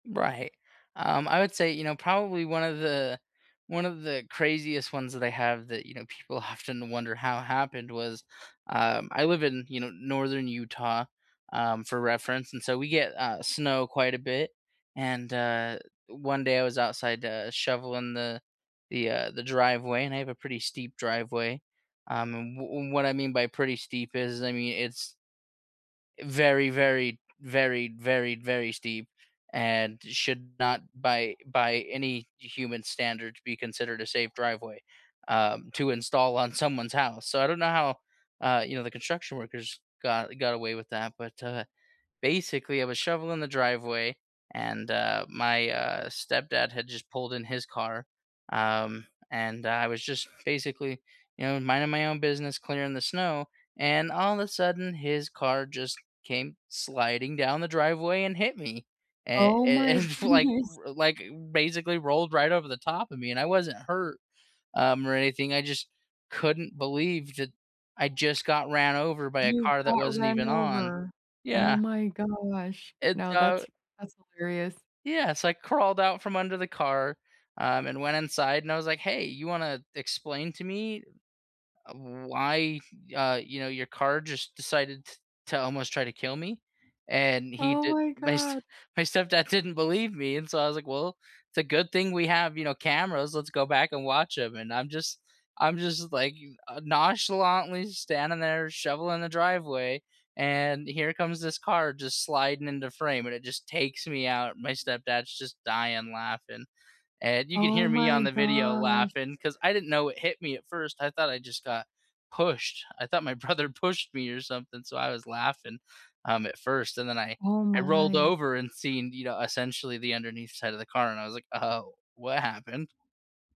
Right, um, I would say, you know, probably 1 of the 1 of the craziest ones that I have that, you know, people often wonder how it happened was, um, I live in, you know, northern Utah, um, for reference, and so, we get, uh, snow quite a bit, and, uh, 1 day I was outside, uh, shoveling the the, uh, the driveway, and I have a pretty steep driveway, um, and wh and what I mean by pretty steep is, I mean, it's, eh, very, very, very, very, very steep and should not by by any human standards be considered a safe driveway, um, to install on someone's house, so, I don't know how, uh, you know, the construction workers got got away with that, but, uh, basically I was shoveling the driveway and, uh, my, uh, stepdad had just pulled in his car, um, and I was just basically, you know, minding my own business, clearing the snow, and all of a sudden his car just came sliding down the driveway and hit me, and Oh and and my f like goodness. r like basically rolled right over the top of me, and I wasn't hurt, um, or anything, I just couldn't believe that I just got ran over by a You car that got wasn't run even on over. Oh Yeah. my gosh. It's No, uh that's that's hilarious. Yeah, so, I crawled out from under the car, um, and went inside, and I was, like, "Hey, you wanna explain to me, uh, why, uh, you know, your car just decided t to almost try to kill me?" And he Oh did my my s god. my stepdad didn't believe me, and so, I was, like, "Well, it's a good thing we have, you know, cameras, let's go back and watch 'em" and I'm just I'm just, like you uh, nonchalantly standing there shoveling the driveway, and here comes this car just sliding into frame, and it just takes me out and my stepdad's just dying laughing and you could Oh hear me on my the video gosh. laughing 'cause I didn't know it hit me at first, I thought I just got pushed, I thought my brother pushed me or something, so, I was laughing, um, at 1st, and then I Oh I rolled my. over and seen, you know, essentially the underneath side of the car, and I was, like, "Oh, what happened?"